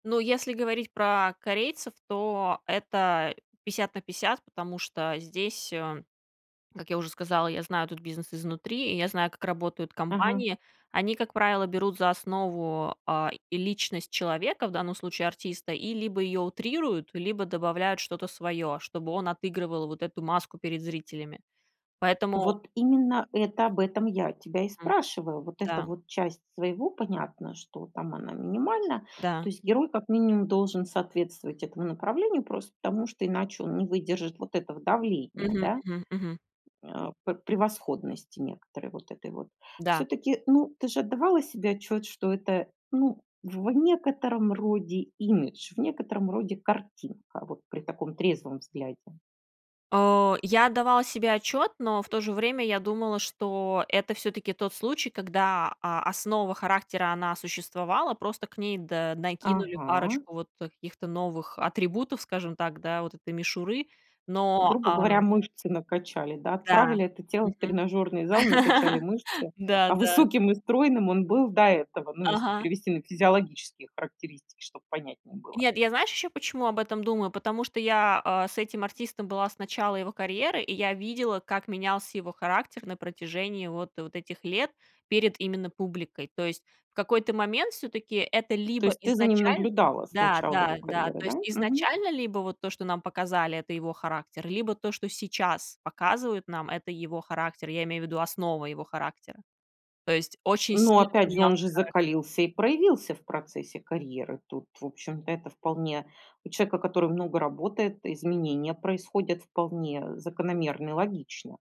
Ну, если говорить про корейцев, то это 50 на 50, потому что здесь, а, как я уже сказала, я знаю этот бизнес изнутри, и я знаю, как работают Ага. компании. Они, как правило, берут за основу, а, и личность человека, в данном случае артиста, и либо её утрируют, либо добавляют что-то своё, чтобы он отыгрывал вот эту маску перед зрителями. Поэтому Вот именно это, об этом я тебя и М. спрашиваю. Вот эта Да. вот часть своего понятно, что там она минимальна. То Да. есть герой, как минимум, должен соответствовать этому направлению, просто потому что иначе он не выдержит вот этого давления, Мгм, да. мгм, мгм. Э. П превосходности некоторой вот этой вот. Да. Всё-таки, ну, ты же отдавала себе отчет, что это, ну, в некотором роде имидж, в некотором роде картинка вот при таком трезвом взгляде? А. Я отдавала себе отчёт, но в то же время я думала, что это всё-таки тот случай, когда, а, основа характера она существовала, просто к ней, да, накинули Ага. парочку вот, э, каких-то новых атрибутов, скажем так, да, вот этой мишуры. Но Грубо а говоря, мышцы накачали, да, М-да. отправили это тело в Мгм. тренажерный зал, накачали мышцы, Да, а да. высоким и стройным он был до этого. Ну, если Ага. перевести на физиологические характеристики, чтобы понятнее было. Нет, я знаешь, ещё почему об этом думаю? Потому что я, а, с этим артистом была с начала его карьеры, и я видела, как менялся его характер на протяжении вот вот этих лет перед именно публикой. То есть в какой-то момент всё-таки это То либо есть, ты за ним изначально наблюдала с да начала да его да, карьеры, то да? есть Мгм. изначально либо вот то, что нам показали это его характер, либо то, что сейчас показывают нам это его характер. Я имею в виду основы его характера. То есть очень Но сильно опять же, он поменялся же характер. закалился и проявился в процессе карьеры. Тут, в общем-то, это вполне у человека, который много работает, изменения происходят вполне закономерно и логично.